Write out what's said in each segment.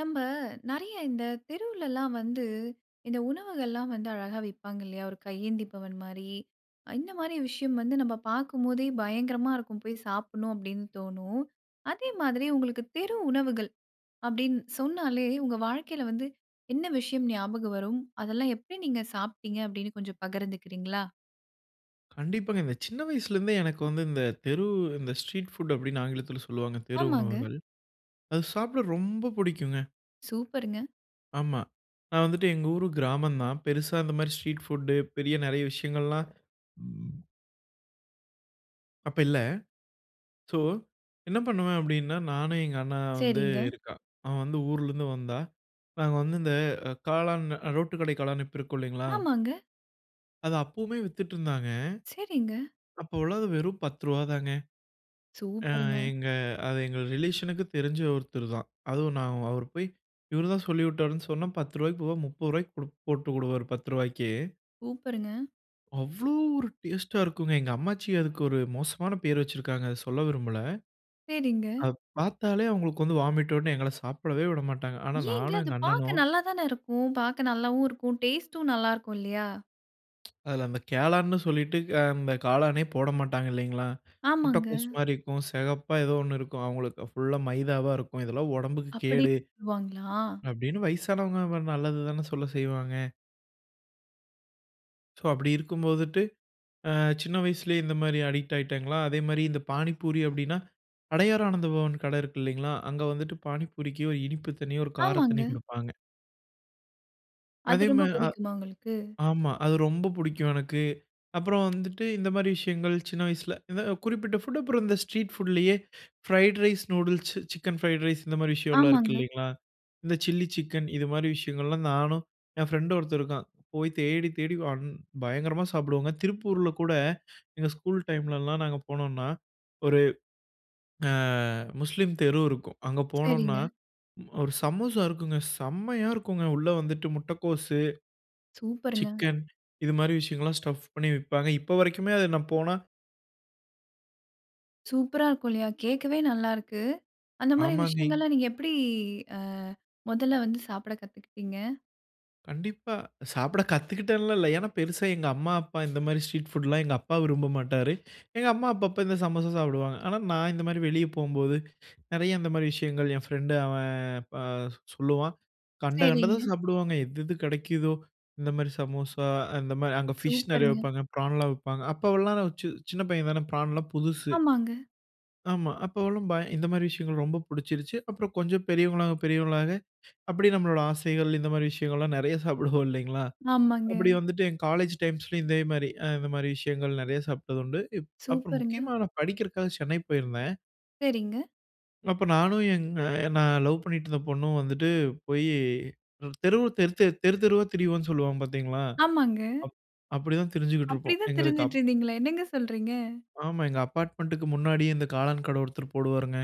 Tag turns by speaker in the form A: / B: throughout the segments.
A: நம்ப நிறைய இந்த தெருவுலலா வந்து, இந்த உணவுகள்லாம் வந்து அழகா விப்பாங்க இல்லையா? ஒரு கையேந்தி பவன் மாரி. அ இந்த மாதிரி விஷயம் வந்து நம்ப பார்க்கும் போதே பயங்கரமா இருக்கும். போயி சாப்பிடனு அப்டீனு தோனும். அதே மாதிரி உங்களுக்கு தெரு உணவுகள் அப்படின், சொன்னாலே உங்க வாழ்க்கையில வந்து, என்ன விஷயம் ஞாபகம் வரும்? அதெல்லாம் எப்படி நீங்க சாப்டிங்க, அப்படினு கொஞ்சம் பகிர்ந்துக்கிறீங்களா?
B: கண்டிப்பாங்க. இந்த சின்ன வயசுல இருந்தே எனக்கு வந்து இந்த தெரு இந்த ஸ்ட்ரீட் ஃபுட் அப்டின்னு ஆங்கிலத்தில சொல்லுவாங்க. தெரு
A: ஆமாங்க.
B: உணவுகள். அது சாப்பிட ரொம்ப புடிக்குங்க.
A: சூப்பருங்க!
B: ஆமா. நான் வந்துட்டு எங்க ஊர் கிராமம் தான். பெரிசா இந்த மாதிரி ஸ்ட்ரீட் ஃபுட்டு பெரிய நிறைய விஷயங்கள்லாம். அப்ப இல்ல. சோ, என்ன பண்ணுவேன் அப்டீனா, நானு எங்க அண்ணா வந்து
A: சரிங்க.
B: இருக்கான். அவன் வந்து ஊர்ல இருந்து வந்தா, நாங்க வந்து இந்த காளான் ரோட்டு கடை காளான்னு இப்ப இருக்கும் இல்லைங்களா?
A: ஆமாங்க.
B: அத அப்போமே வித்துட்டு இருந்தாங்க.
A: சரிங்க.
B: அப்போல அது வெறும் ரூ. 10 தாங்க. அ
A: சூப்பருங்க!
B: எங்க அது எங்க ரிலேஷன்‌க்கு தெரிஞ்ச ஒருத்தர் தான். அதுவும் நான் அவர் போய் இவர் தான் சொல்லிவிட்டார்னு சொன்னா ரூ. 10 போவ ரூ. 30 குடுப் போட்டு விடுவாரு ரூ. 10.
A: சூப்பருங்க!
B: அவ்ளோ ஒரு டேஸ்ட்‌டா இருக்குங்க! எங்க அம்மாச்சி அதுக்கொரு ஒரு மோசமான பேரு வச்சிருக்காங்க. அத சொல்ல விரும்பல.
A: சரிங்க.
B: அத பாத்தாலே, அவுங்களுக்கு வந்து வாமிட் வரும்னு, எங்கள சாப்பிடவே விடமாட்டாங்க. ஆனா
A: ஏங்க?
B: நானும்
A: அது
B: எங்க
A: பாக்க
B: அண்ணனும்.
A: நல்லா தானே இருக்கும். பாக்க நல்லாவும் இருக்கும், டேஸ்ட்‌டும் நல்லாருக்கும், இல்லையா?
B: அதுல அந்த காளான்னு சொல்லிட்டு, அ அந்த காளானே போடமாட்டாங்க இல்லைங்களா?
A: ஆமாங்க.
B: முட்டைகோஸ் மாரி இருக்கும். செகப்பா ஏதோ ஒண்ணு இருக்கும், அவுங்களுக்கு. ஃபுல்‌லா மைதாவா இருக்கும். இதெல்லாம் உடம்புக்கு
A: அப்படி
B: கேடு.
A: சொல்லுவாங்களா?
B: அப்டீன்னு, வயசானவங்க நம்ம நல்லது தானே சொல்ல செய்வாங்க சோ அப்டி இருக்கும் போதுட்டு, அ சின்ன வயசுலயே இந்த மாரி அடிக்ட் ஆயிட்டாங்களா, அதேமாரி இந்த பானிபூரி அப்டீன்னா, "அடையார் ஆனந்த பவன்" கடை இருக்கு இல்லைங்களா? அங்க வந்துட்டு பானிபூரிக்கு ஒரு இனிப்பு தண்ணீ, ஒரு கார தண்ணீ
A: ஆமாங்க.
B: குடுப்பாங்க.
A: அது
B: அதே மா
A: ரொம்ப
B: அ.
A: புடிக்குமா உங்களுக்கு?
B: ஆமா. அது ரொம்ப புடிக்கும் எனக்கு. அப்புறம் வந்துட்டு இந்த மாரி விஷயங்கள். சின்ன வயசுல இந்த குறிப்பிட்ட ஃபுட். அப்புறம் இந்த ஸ்ட்ரீட் ஃபுட்லயே fried rice, noodles, chicken fried rice, இந்த மாரி விஷயன்லாம் இருக்கு
A: ஆமாங்க.
B: இல்லைங்களா? இந்த சில்லி சிக்கன், இது மாரி விஷயங்கள்லாம், நானும் என் ஃப்ரெண்டு ஒருத்தன் இருக்கான். போய் தேடி, தேடி, வன் பயங்கரமா சாப்பிடுவோங்க. திருப்பூர்ல கூட எங்க ஸ்கூல் டைம்லலாம் நாங்க போனோன்னா, ஒரு ஆ, முஸ்லீம் தெரு இருக்கும். அங்க போனோம்ன்னா,
A: சரிங்க.
B: ஒரு சமோசா இருக்குங்க. செம்மையா இருக்கும்ங்க. உள்ள வந்துவிட்டு முட்டைக்கோஸு,
A: சூப்பருங்க!
B: சிக்கன் இது மாரி விஷயங்கள்லாம், ஸ்டஃப் பண்ணி விப்பாங்க. இப்ப வரைக்குமே அத நான் போனா
A: சூப்பரா இருக்கும் இல்லையா? கேட்கவே நல்லா இருக்கு. அந்த மாரி
B: ஆமாங்க.
A: விஷயங்கள்லாம் நீங்க எப்படி ஆ முதல்ல வந்து சாப்பிட கத்துக்கிட்டீங்க?
B: கண்டிப்பா. சாப்பிட கத்துக்கிட்டேன்லாம் இல்ல. ஏன்னா பெருசா எங்க அம்மா அப்பா இந்த மாதிரி ஸ்ட்ரீட் ஃபுட்லாம் எங்க அப்பா விரும்ப மாட்டாரு. எங்க அம்மா அப்பப்ப இந்த சமோசா சாப்டுவாங்க. ஆனா நான் இந்த மாதிரி வெளிய போம்போது நிறைய இந்த மாதிரி விஷயங்கள் என் ஃப்ரெண்டு அவன் அ சொல்லுவான். கண்ட
A: சரிங்க.
B: கண்டதும் சாப்பிடுவாங்க. எது எது கிடைக்குதோ இந்த மாதிரி சமோசா அந்த மாதிரி அங்க ஃபிஷ் நிறைய
A: சூப்பருங்க.
B: விப்பாங்க பிரான்லாம் விப்பாங்க அப்போவெல்லாம் சி சின்ன பையன் தான பிரான்லாம் புதுசு.
A: ஆமாங்க.
B: ஆமா. அப்போ எல்லாம் பய இந்த மாதிரி விஷயங்கள் ரொம்ப புடிச்சிருச்சு. அப்புறம் கொஞ்சம் பெரியவுங்களாக பெரியவுங்களாக அப்டியே நம்மளோட ஆசைகள் இந்த மாதிரி விஷயங்கள் எல்லாம் நிறைய சாப்பிடுவோம் இல்லைங்களா?
A: ஆமாங்க.
B: அப்படி வந்துட்டு என் காலேஜ் டைம்ஸ்‌லும் இதே மாதிரி அ இந்த மாதிரி விஷயங்கள் நிறைய சாப்டதுண்டு. இப் அப்புறம்
A: சூப்பருங்க.
B: முக்கியமா நான் படிக்கிறக்காக சென்னை போயிருந்தேன்.
A: சரிங்க.
B: அப்ப நானும் எங்க நான் லவ் பண்ணீட்டு இருந்த பொண்ணும் வந்துட்டு, போயி தெரு தெரு தெரு தெருத்தெருவா திரிவோம்னு சொல்வாங்க பார்த்தீங்களா?
A: ஆமாங்க.
B: அப் அப்படி தான் திரிஞ்சுக்கிட்டு இருப்போம்.
A: அப்டிதான்
B: எங்களுக்கு
A: திரிஞ்சிட்டு
B: அப்
A: இருந்தீங்களா? என்னங்க சொல்றீங்க?
B: ஆமா. எங்க அப்பார்ட்மெண்டுக்கு முன்னாடியே இந்த காளான் கடை ஒருத்தரு போடுவாருங்க.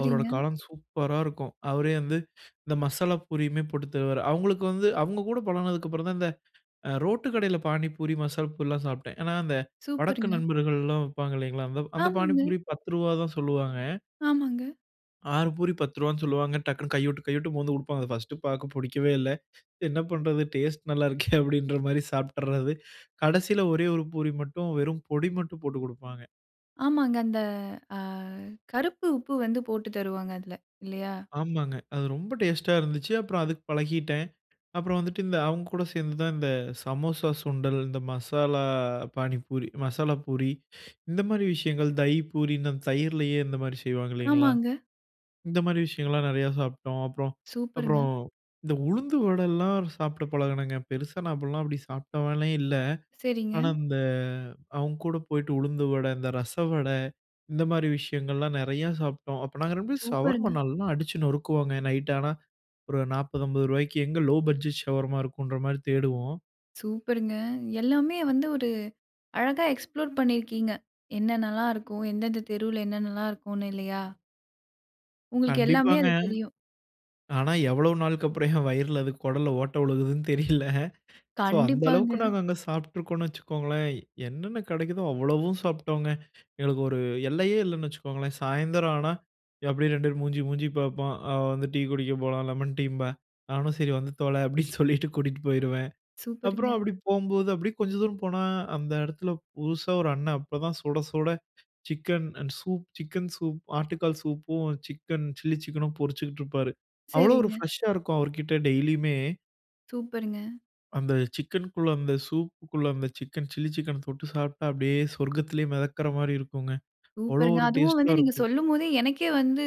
B: அவரோட காளான் சூப்பரா இருக்கும். அவரே வந்து இந்த மசாலா பூரியுமே போட்டு தருவாரு. அவங்களுக்கு வந்து அவங்க கூட பழகுனதுக்கு அப்புறம் தான் இந்த அ ரோட்டு கடையில பானிபூரி, மசால் பூரிலாம் சாப்ட்டேன். ஏன்னா, அந்த வடக்கு
A: சூப்பருங்க.
B: நண்பர்கள்லாம் வைப்பாங்கில்லைங்களா அந்த அந்த
A: ஆமாங்க.
B: பானிபூரி ரூ. 10 தான் சொல்லுவாங்க.
A: ஆமாங்க.
B: 6 பூரி ரூ. 10 சொல்லுவாங்க. டக்குன்னு கைய விட்டு கைய விட்டு மோந்து குடுப்பாங்க. ஃபர்ஸ்டு பார்க்க புடிக்கவே இல்ல. "என்ன பண்றது டேஸ்ட் நல்லா இருக்கே!" அப்பிடின்றமாரி சாப்பிட்டறது. கடைசில ஒரே 1 பூரி மட்டும் வெறும் பொடி மட்டும் போட்டுக் குடுப்பாங்க.
A: ஆமாங்க. அந்த அ கருப்பு உப்பு வந்து போட்டு தருவாங்க அதுல. இல்லையா?
B: ஆமாங்க. அது ரொம்ப டேஸ்ட்‌டா இருந்துச்சு. அப்புறம் அதுக்கு பழகிட்டேன். அப்புறம் வந்துட்டு, இந்த அவங்கக்கூட சேர்ந்து தான் இந்த சமோசா, சுண்டல் இந்த மசாலா பானிபூரி, மசாலா பூரி இந்தமாரி விஷயங்கள், தஹி பூரின்னு அந்த தயிரிலேயே இந்தமாரி செய்வாங்க இல்லைங்களா?
A: ஆமாங்க.
B: இந்தமாரி விஷயங்கள்லாம் நெறையா சாப்பிட்டோம். அப்புறம்,
A: சூப்பருங்க!
B: அப்புறம் இந்த உளுந்து வடல்லாம் சாப்பிட பழகினங்க. பெருசா நான் அப்பிட்லாம் அப்படி சாப்பிட்டவனே இல்ல.
A: சரிங்க.
B: ஆனா, இந்த அவுங்ககூட போயிட்டு உளுந்து வட, இந்த ரசவடை இந்தமாரி விஷயங்கள்லாம் நெறையா சாப்பிட்டோம். அப்ப நாங்க ரெண்டு பேரும் சவர்மா
A: சூப்பருங்க!
B: நல்லா அடிச்சு நொறுக்குவோங்க. நைட் ஆனா, ஒரு 40, ரூ. 50 எங்க லோவ் பட்ஜெட் ஷவர்மா இருக்குன்றமாரி தேடுவோம்.
A: சூப்பருங்க! எல்லாமே வந்து ஒரு அழகா எக்ஸ்ப்ளோர் பண்ணியிருக்கீங்க. என்னென்னலாம் இருக்கும்? எந்தெந்த தெருவுல என்னென்னல்லாம் இருக்கும்னு இல்லையா? உங்களுக்கு எல்லாமே
B: கண்டிப்பாங்க.
A: அது தெரியும்.
B: ஆனா, எவ்வளவு நாளுக்கு அப்புறம் என் வயிறுல அது குடல்ல ஓட்ட விழுகுதுன்னு தெரியல. சோ, அந்த
A: கண்டிப்பாங்க.
B: அளவுக்கு நாங்க அங்க சாப்பிட்டு இருக்கோன்னு வச்சுக்கோங்களேன். என்னென்ன கிடைக்கிதோ, அவ்வளவும் சாப்பிட்டோம்ங்க. எங்களுக்கு ஒரு எல்லையே இல்லன்னு வச்சுக்கோங்களேன். சாயந்திரம் ஆனா அப்படியே 2 பேரும் மூஞ்சி, மூஞ்சி பார்ப்போம், அவ வந்து டீ குடிக்க போலாம், லெமன் டீம்பா. நானும் சரி வந்து தொல அப்டீன்னு சொல்லிட்டு கூட்டிட்டு போயிருவேன். அப்புறம்
A: சூப்பருங்க!
B: அப்பிடி போம்போது, அப்டீயே கொஞ்சம் தூரம் போனா, அந்த இடத்தில புதுசா ஒரு அண்ணன் அப்ப தான் சுட சுட சிக்கன் அன் சூப், சிக்கன் சூப், ஆட்டுக்கால் சூப்பும், சிக்கன் சில்லி சிக்கனும் பொருச்சிக்கிட்டு இருப்பாரு. அவ்வளவு ஒரு
A: சரிங்க.
B: ஃபிரஷா இருக்கும். அவர்க்கிட்ட டெய்லியுமே.
A: சூப்பருங்க!
B: அந்த சிக்கனுக்குள்ள அந்த சூப்புக்குள்ள அந்த சிக்கன், சில்லி சிக்கன் தொட்டு சாப்ட்டா, அப்டியே, சொர்க்கத்திலயே மெதக்ற மாரி இருக்குங்க. அவ்வளோ
A: சூப்பருங்க!
B: ஒரு
A: அதுவும்
B: டேஸ்டா
A: வந்து நீங்க
B: இருக்கும்.
A: சொல்லும் போதே, எனக்கே வந்து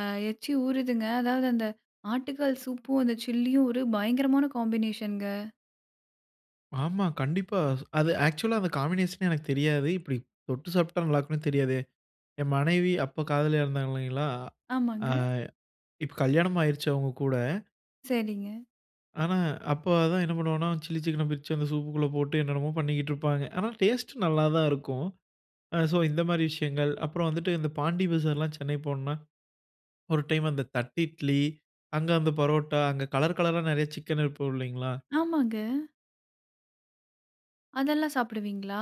A: ஆ எச்சி ஊறுதுங்க. அதாவது அந்த ஆட்டுக்கால் சூப்‌பும், அந்த சில்லியும் ஒரு பயங்கரமான காம்பினேஷன்ங்க.
B: ஆமா. கண்டிப்பா. அது ஆக்சுவலா அந்த காம்பினேஷனே எனக்கு தெரியாது. இப்புடி தொட்டு சாப்ட்டா, நல்லாருக்குன்னு தெரியாதே. என் மனைவி அப்ப காதலியா இருந்தாங்க இல்லைங்களா! ஆ
A: ஆமாங்க.
B: இப்ப கல்யாணம் ஆயிருச்சு அவுங்க கூட.
A: சரிங்க.
B: ஆனா. அப்ப அதான் என்ன பண்ணுவோன்னா, சில்லி சிக்கன பிரிச்சு, அந்த சூப்‌க்கு உள்ள போட்டு, என்னென்னமோ பண்ணிக்கிட்டு இருப்பாங்க. ஆனா டேஸ்ட் நல்லா தான் இருக்கும். அ சோ, இந்த மாரி விஷயங்கள். அப்புறம் வந்துட்டு இந்த பாண்டி பஜார்லாம் சென்னை போனோன்னா, ஒரு டைம் அந்த தட்டு இட்லி, அங்கு அந்த பரோட்டா, அங்க கலர் கலரா நிறைய சிக்கன் இருக்கும். இல்லைங்களா?
A: ஆமாங்க. அதெல்லாம் சாப்பிடுவீங்களா?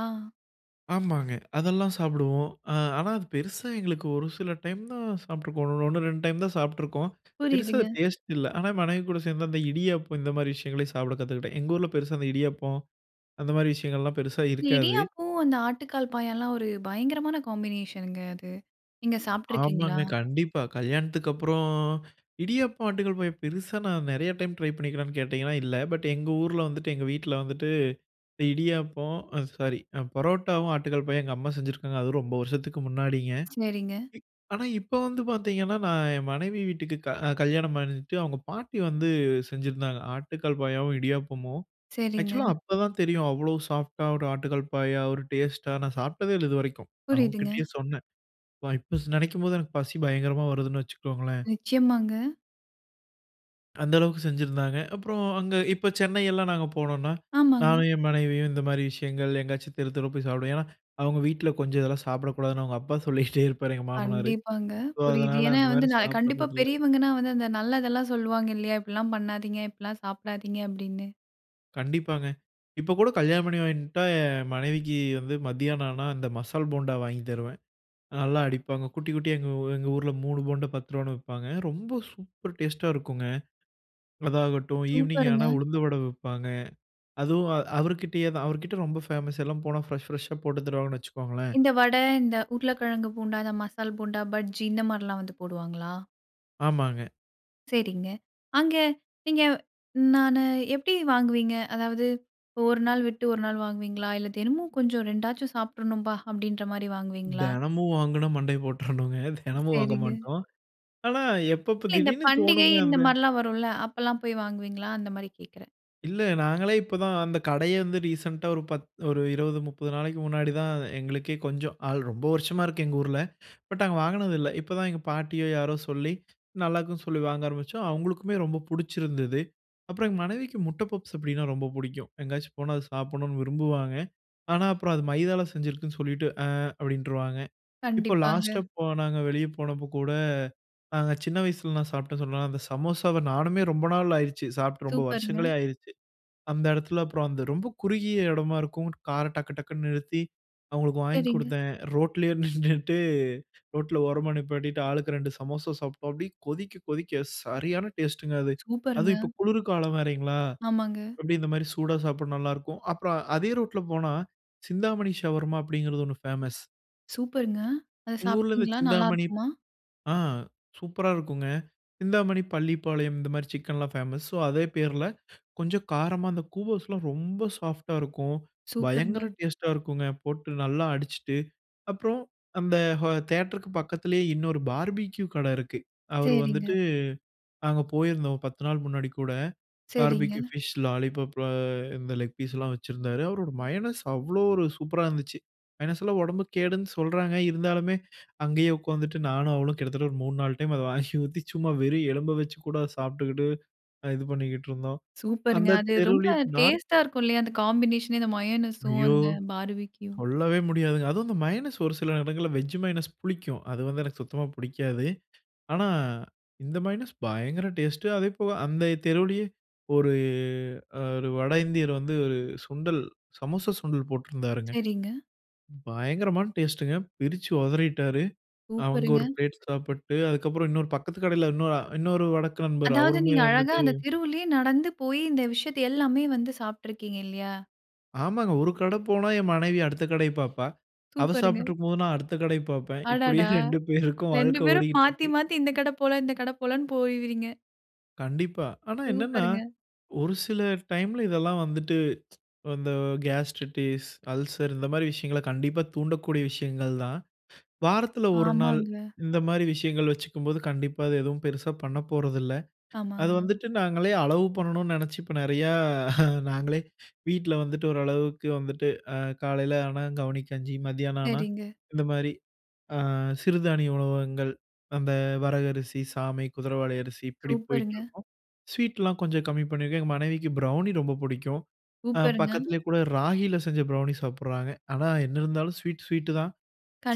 B: ஆமாங்க. அதெல்லாம் சாப்பிடுவோம். அ. ஆனா, அது பெருசா எங்களுக்கு ஒரு சில டைம் தான் சாப்ட்ருக்கோம். 1, 2 டைம் தான் சாப்ட்ருக்கோம். பெரிசா
A: புரியுதுங்க.
B: டேஸ்ட் இல்ல. ஆனா, மனைவி கூட சேர்ந்து அந்த இடியாப்பம், இந்த மாரி விஷயங்களையும் சாப்பிட கத்துக்கிட்டேன். எங்க ஊர்ல பெரிசா இந்த இடியப்பம், அந்த மாரி விஷயங்கள்லாம், பெருசா இருக்காது.
A: இடியாப்பம், அந்த ஆட்டுக்கால் பாயால்லாம், ஒரு பயங்கரமான காம்பினேஷன்ங்க அது. நீங்க சாப்ட்ருக்கீங்களா?
B: ஆமாங்க. கண்டிப்பா. கல்யாணத்துக்கு அப்புறம், இடியப்பம் ஆட்டுக்கல் பாயா, பெருசா நான் நெறைய டைம் ட்ரை பண்ணிக்கிறியான்னு கேட்டிங்கன்னா, இல்லை. பட் எங்க ஊர்ல வந்துட்டு எங்க வீட்ல வந்துட்டு, இடியப்பம் அ சாரி பரோட்டாவும், ஆட்டுக்கால் பாயா, எங்க அம்மா செஞ்சுருக்காங்க. அதுவும் ரொம்ப வருஷத்துக்கு முன்னாடிங்க.
A: சரிங்க.
B: ஆனா, இப்ப வந்து பார்த்தீங்கன்னா, நான் என் மனைவி வீட்டுக்கு க கல்யாணம் பண்ணிட்டு அவுங்க பாட்டி வந்து செஞ்சிருந்தாங்க. ஆட்டுக்கால் பாயாவும், இடியாப்பமும்.
A: சரிங்க.
B: ஆக்சுவலா அப்பதான் தெரியும். அவ்ளோ சாஃப்ட்டா ஒரு ஆட்டுக்கால் பாயா, ஒரு டேஸ்ட்டா நான் சாப்ட்டதே இல்லை. இதுவரைக்கும். அவுங்க
A: புரியுதுங்க.
B: கிட்டயே சொன்னேன். பா இப்ப ஸ் நினைக்கும்போது, எனக்கு பசி பயங்கரமா வருதுன்னு வச்சிக்கோங்களேன்.
A: நிச்சயமாங்க.
B: அந்த அளவுக்கு செஞ்சிருந்தாங்க. அப்பறம் அங்க இப்ப சென்னையெல்லாம் நாங்க போனோம்னா,
A: ஆமாங்க.
B: நானும் என் மனைவியும் இந்த மாரி விஷயங்கள் எங்காச்சும் தெரு தெருவா போய் சாப்டுவோம். ஏனா, அவுங்க வீட்ல கொஞ்சம் இதெல்லாம் சாப்பிடக்கூடாதுன்னு அவுங்க அப்பா சொல்லிகிட்டே இருப்பாரு எங்க மாமனாரு.
A: கண்டிப்பாங்க.
B: சோ,
A: புரியுது.
B: அதனால
A: ஏனா
B: அந்த
A: வந்து
B: மாரி
A: ந கண்டிப்பா
B: சாப்பிடுறதில்ல.
A: பெரியவங்கன்னா வந்து அந்த நல்லதெல்லாம் சொல்லுவாங்க இல்லையா? "இப்படிலாம் பண்ணாதீங்க, இப்படிலாம் சாப்டாதீங்க" அப்டின்னு.
B: கண்டிப்பாங்க. இப்ப கூட கல்யாணம் பண்ணிவன்ட்டா, என் மனைவிக்கு வந்து மத்தியானம் ஆனா, அந்த மசால் போண்டா வாங்கி தருவேன். நல்லா அடிப்பாங்க. குட்டி, குட்டியா எங்க ஊ எங்க ஊர்ல 3 போண்டா ரூ. 10 விப்பாங்க. ரொம்ப சூப்பர் டேஸ்ட்டா இருக்குங்க. அதாகட்டும் ஈவ்னிங்
A: சூப்பர்‌ங்க.
B: ஆனா, உளுந்து வடை விப்பாங்க. அதுவும் அ அவரு கிட்டேயே தான். அவரு கிட்ட ரொம்ப ஃபேமஸ். எல்லாம் போனா ஃப்ரெஷ், ஃப்ரெஷ்ஷா போட்டு தருவாங்கன்னு வச்சுக்கோங்களேன்.
A: இந்த வட, இந்த உருளக்கெழங்கு போண்டா, இந்த மசால் போண்டா, பஜ்ஜி இந்த மாரிலாம் வந்து போடுவாங்களா?
B: ஆமாங்க.
A: சரிங்க. அங்க நீங்க நானு எப்படி வாங்குவீங்க? அதாவது 1 நாள் விட்டு 1 நாள் வாங்குவீங்களா? இல்ல தினமும் கொஞ்சம் "2 ஆச்சும் சாப்டறணும்பா" அப்டின்ற மாரி வாங்குவீங்களா?
B: தெனமும் வாங்குனா மண்டைய போட்றனுங்க. தெனமும் வாங்க
A: சரிங்க.
B: மாட்டோம். ஆனா, எப்பப்ப
A: இல்ல. இந்த
B: திடீர்ன்னு
A: பண்டிகை
B: தோணும்ங்க
A: இந்த
B: அந்த
A: மாரிலாம் வரும்ல. அப்பலாம் போய் வாங்குவீங்களா? அந்த மாரி கேட்கிறன்.
B: இல்ல, நாங்களே இப்ப தான் அந்த கடையே வந்து, ரீசென்ட்‌டா ஒரு பத் ஒரு 20, 30 நாளைக்கு முன்னாடி தான் எங்களுக்கே, கொஞ்சம் ஆள் ரொம்ப வருஷமா இருக்கு. எங்க ஊர்ல. பட் நாங்க வாங்குனது இல்ல. இப்ப தான் எங்க பாட்டியோ, யாரோ சொல்லி நல்லாருக்குன்னு சொல்லி வாங்க ஆரம்பிச்சோம். அவுங்களுக்குமே ரொம்ப புடிச்சிருந்துது. அப்புறம் எங்க மனைவிக்கு முட்ட பப்ஸ். அப்படினா, ரொம்ப புடிக்கும். எங்கயாச்சும் போனா அதை சாப்பிடணுன்னு விரும்புவாங்க. ஆனா, அப்புறம் அது மைதால செஞ்சிருக்குன்னு சொல்லிட்டு, "ஆ" அப்படின்ருவாங்க. இப்போ லாஸ்ட்டா
A: கண்டிப்பாங்க.
B: போன நாங்க வெளியே போனப்ப கூட, அ சின்ன வயசுலலாம் சாப்ட்ட சொன்னல அந்த சமோசாவ நானுமே ரொம்ப நாள் ஆயிருச்சு. சாப்ட்டு ரொம்ப
A: சூப்பர்‌ங்க.
B: வருஷங்களே ஆயிருச்சு. அந்த எடத்தில அப்புறம் அந்த ரொம்ப குறுகிய எடமா இருக்கும். கார டக்கு டக்குன்னு நிறுத்தி, அவுங்களுக்கு வாங்கி
A: சரிங்க.
B: குடுத்தேன். ரோட்லயே நின்னுட்டு, ரோட்ல ஓரமா நிப்பாட்டிட்டு, ஆளுக்கு 2 சமோசா சாப்ட்டோம். அப்டியே கொதிக்க கொதிக்க சரியான டேஸ்ட்டுங்க அது.
A: சூப்பர்ங்க.
B: அதுவும் இப்ப குளிர் காலம் வேரைங்களா,
A: ஆமாங்க.
B: அப்டியே இந்த மாரி சூடா சாப்ட நல்லாருக்கும். அப்புறம் அதே ரோட்ல போனா, சிந்தாமணி ஷவர்மா அப்படிங்கறது, ஒண்ணு ஃபேமஸ்.
A: சூப்பருங்க. அத
B: எங்க ஊர்ல இந்த
A: சாப்ட்டீங்களா,
B: சிந்தாமணி
A: நல்லாருக்குமா?
B: ஆ சூப்பரா இருக்குங்க. சிந்தாமணி, பள்ளிப்பாளையம், இந்த மாரி சிக்கன்லாம் ஃபேமஸ். ஸோ அதே பேர்ல கொஞ்சம் காரமா அந்த கூவோஸ்லாம் ரொம்ப சாஃப்டா இருக்கும். பயங்கர
A: சூப்பருங்க.
B: டேஸ்ட்டா இருக்குங்க. போட்டு நல்லா அடிச்சுட்டு, அப்புறம் அந்த ஹா தியேட்டருக்கு பக்கத்திலயே இன்னொரு பார்பிக்யூ கடை இருக்கு. அவரு வந்துட்டு
A: சரிங்க.
B: நாங்க போயிருந்தோம். ஒரு 10 நாள் முன்னாடி கூட, பார்பிக்யூ.
A: சரிங்க.
B: Fish lollipop. அ இந்த லெக் பீஸ்லாம் வச்சிருந்தாரு. அவரோட மயனஸ் அவ்ளோ ஒரு சூப்பரா இருந்துச்சு. மையனஸ்ல்லாம் உடம்புக்கு கேடுன்னு சொல்றாங்க. இருந்தாலுமே, அங்கயே உக்காந்துட்டு நானும் அவளும் கிட்டத்தட்ட, ஒரு மூணு நாலு டைம் அத வாங்கி ஊத்தி, சும்மா வெறும் எலும்ப வச்சு கூட அதை சாப்ட்டுக்குட்டு, இது பண்ணிக்கிட்ருந்தோம்.
A: சூப்பர்ங்க.
B: அந்த
A: அது ரொம்ப
B: தெருவுலயே நார்த்
A: டேஸ்டா இருக்கும், இல்லையா? அந்த காம்பினேஷனே இந்த மயோனஸும்,
B: ஐயோ!
A: அந்த பார்பிக்யூ.
B: சொல்லவே முடியாதுங்க. அதுவும் இந்த மையனஸ், ஒரு சில எடங்கள்ல வெஜ் மையனஸ் புளிக்கும். அது வந்து எனக்கு சுத்தமா புடிக்காது. ஆனா, இந்த மையனஸ் பயங்கர டேஸ்ட்டு. அதேபோல அந்த தெருவுலயே ஒரு அ ஒரு வடஇந்தியர் வந்து, ஒரு சுண்டல் சமோசா சுண்டல் போட்ருந்தாருங்க.
A: சரிங்க.
B: பயங்கரமான டேஸ்டுங்க. பிரிச்சு ஒதறிட்டாரு. அவுங்க
A: சூப்பருங்க.
B: ஒரு பிளேட் சாப்புட்டு, அதுக்கப்புறம் இன்னொரு பக்கத்து கடையில இன்னொ இன்னொரு வடக்க நண்பர்.
A: அதாவது,
B: அவருமே
A: நீங்க அழகா
B: வந்துட்டு
A: அந்த தெருவுலயே நடந்து போயி, இந்த விஷயத்தை எல்லாமே வந்து சாப்ட்ருக்கீங்க. இல்லையா?
B: ஆமாங்க. ஒரு கடை போனா என் மனைவி அடுத்த கடையப் பாப்பா. அவ
A: சூப்பருங்க!
B: சாப்பிட்டு இருக்கும்போது நான் அடுத்த கடைய பார்ப்பேன். இப்படியே
A: அடடா!
B: 2 பேருக்கும்
A: 2
B: வாழ்க்கை
A: பேரும் மாத்தி
B: ஓடிக்கிட்டிருக்கு.
A: மாத்தி இந்த கட போலாம். இந்த கட போலாம்னு போய் வரீங்க.
B: கண்டிப்பா. ஆனா, என்னென்னா
A: சூப்பருங்க!
B: ஒரு சில டைம்ல இதெல்லாம் வந்துட்டு இந்த கேஸ்ட்ரிட்டிஸ், அல்சர் இந்த மாதிரி விஷயங்கள கண்டிப்பா தூண்டக்கூடிய விஷயங்கள் தான். வாரத்துல ஒரு நாள்,
A: ஆமாங்க.
B: இந்த மாதிரி விஷயங்கள் வச்சுக்கும்போது கண்டிப்பா அது எதுவும் பெருசா பண்ண போறதில்ல. அது
A: ஆமாங்க.
B: வந்துட்டு நாங்களே அளவு பண்ணணும்னு நினைச்சு, இப்ப நிறையா நாங்களே வீட்ல வந்துட்டு ஓரளவுக்கு வந்துட்டு அ காலைல ஆனா கவனிக்கஞ்சி, மத்தியான ஆனா
A: சரிங்க.
B: இந்த மாதிரி அ சிறுதானிய உணவு வகைகள் அந்த வரகு அரிசி, சாமை, குதிரைவாலி அரிசி, இப்படி
A: சூப்பருங்க!
B: போயிட்டுருக்கும். ஸ்வீட்லாம் கொஞ்சம் கம்மி பண்ணியிருக்கேன். எங்க மனைவிக்கு ப்ரௌனி ரொம்ப பிடிக்கும் அ
A: சூப்பருங்க!
B: பக்கத்திலேயே கூட ராகில செஞ்ச ப்ரௌனி சாப்பிடுறாங்க. ஆனா, என்ன இருந்தாலும் ஸ்வீட், ஸ்வீட்டு தான்.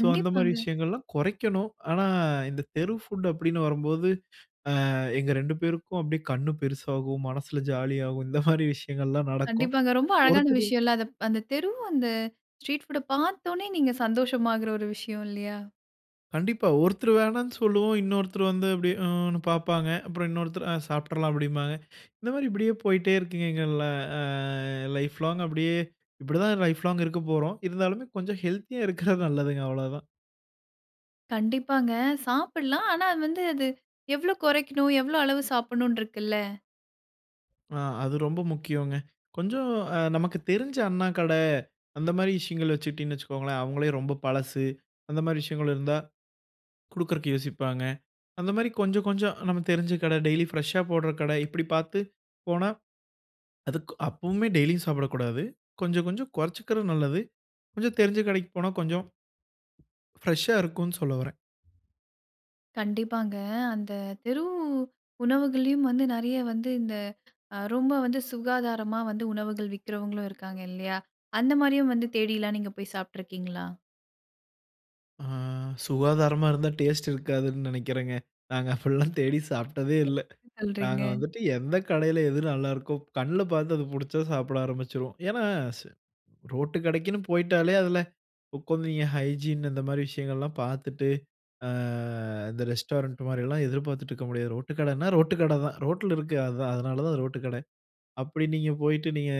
B: ஸோ, அந்த மாரி விஷயங்கள்லாம் குறைக்கணும். ஆனா, இந்த தெரு ஃபுட் அப்படின்னு வரும்போது, அ எங்க 2 பேருக்கும் அப்படியே கண்ணு பெருசாகும், மனசுல ஜாலியாகும். இந்த மாதிரி விஷயங்கள்லா நடக்கும்
A: கண்டிப்பாங்க. ரொம்ப அழகான
B: ஒருத்தரு
A: விஷயம் இல்ல. அதுப் அந்த தெரு அந்த ஸ்ட்ரீட் புட்‌ அ பார்த்தோனே நீங்க சந்தோஷமாகுற ஒரு விஷயம் இல்லையா?
B: கண்டிப்பா. ஒருத்தரு வேணாம்னு சொல்லுவோம். இன்னொருத்தரு வந்து அப்படியே ம்னு பார்ப்பாங்க. அப்பறம் இன்னொருத்தரு "அ சாப்பிடறலாம்" அப்டிபாங்க. இந்த மாரி இப்பிடியே போய்ட்டே இருக்குங்க. எங்க ல அ லைஃப் லாங் அப்படியே. இப்படி தான் லைஃப் லாங் இருக்கப்போறோம். இருந்தாலுமே, கொஞ்சம் ஹெல்த்தியா இருக்கிறது நல்லதுங்க அவ்ளோ தான்.
A: கண்டிப்பாங்க. சாப்பிட்லாம். ஆனா, அது வந்து அது எவ்வளோ குறைக்கணும்? எவ்வளோ அளவு சாப்பிடனும்னு இருக்குல்ல?
B: அ. அது ரொம்ப முக்கியம்ங்க. கொஞ்சம், அ நமக்கு தெரிஞ்ச அண்ணா கடை அந்த மாரி விஷயங்கள் வச்சுடீங்கன்னு வச்சுக்கோங்களே, அவங்களே ரொம்ப பழசு அந்த மாரி விஷயங்கள் இருந்தா குடுக்றதுக்கு யோசிப்பாங்க. அந்த மாரி கொஞ்சம், கொஞ்சம் நமக்கு தெரிஞ்ச கடை ,டெய்லி ஃபிரெஸ்ஷா போட்ற கடை இப்படி பார்த்து போனா, அதுக்கு அப்பவுமே டெய்லியும் சாப்பிடக்கூடாது. கொஞ்சம், கொஞ்சம் கொறச்சுக்கறது நல்லது. கொஞ்சம் தெரிஞ்ச கடைக்கு போனா கொஞ்சம் ஃபிரெஸ்ஷா இருக்கும்னு சொல்ல வர்றேன்.
A: கண்டிப்பாங்க, அந்த தெரு உணவுகள்லயும் வந்து நெறைய வந்து இந்த அ ரொம்ப வந்து சுகாதாரமா வந்து உணவுகள் விக்கிறவங்களும் இருக்காங்க, இல்லையா? அந்த மாரியும் வந்து தேடில்லாம் நீங்க போய் சாப்பிட்டுருக்கீங்களா?
B: அ சுகாதாரமா இருந்தா டேஸ்ட் இருக்காதுன்னு நினைக்கறேங்க. நாங்க அப்படியெல்லாம் தேடி சாப்பிட்டதே இல்ல.
A: என்ன சொல்றீங்க?
B: நாங்க வந்துட்டு எந்த கடையில எது நல்லாயிருக்கோ கண்ல பார்த்து அது புடிச்சா சாப்பிட ஆரம்பிச்சுருவோம். ஏன்னா, ச ரோட்டு கடைக்குன்னு போய்ட்டாலே அதில உட்காந்து என் ஹைஜீன் இந்த மாரி விஷயங்கள்லாம் பார்த்துட்டு, அ இந்த ரெஸ்டாரண்ட் மாரில்லாம் எதிர்பார்த்துட்டு இருக்க முடியாது. ரோட்டு கடைனா ரோட்டு கடை தான். ரோட்டுல இருக்கு, அதுதான் அதனால தான் ரோட்டு கடை. அப்படி நீங்க போய்ட்டு நீங்க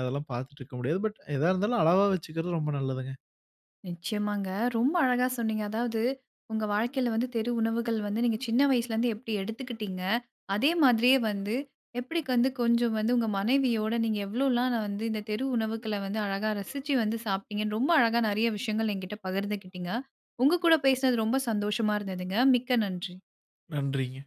B: அதெல்லாம் பார்த்துட்டு இருக்க முடியாது. பட், எதா இருந்தாலும் அளவா வச்சுக்கிறது ரொம்ப நல்லதுங்க.
A: நிச்சயமாங்க, ரொம்ப அழகா சொன்னீங்க. அதாவது, உங்க வாழ்க்கையில வந்து தெரு உணவுகள் வந்து நீங்க சின்ன வயசுலேருந்து எப்படி எடுத்துக்கிட்டீங்க. அதே மாதிரியே வந்து எப்படி க் வந்து கொஞ்சம் வந்து உங்க மனைவியோட நீங்க எவ்ளோலாம் வந்து, இந்த தெரு உணவுக்கள வந்து அழகா ரசிச்சு வந்து சாப்ட்டீங்கன்னு, ரொம்ப அழகா நெறைய விஷயங்கள் என்கிட்ட பகிர்ந்துக்கிட்டீங்க. உங்க கூட பேசினது ரொம்ப சந்தோஷமா இருந்ததுங்க. மிக்க நன்றி!
B: நன்றீங்க!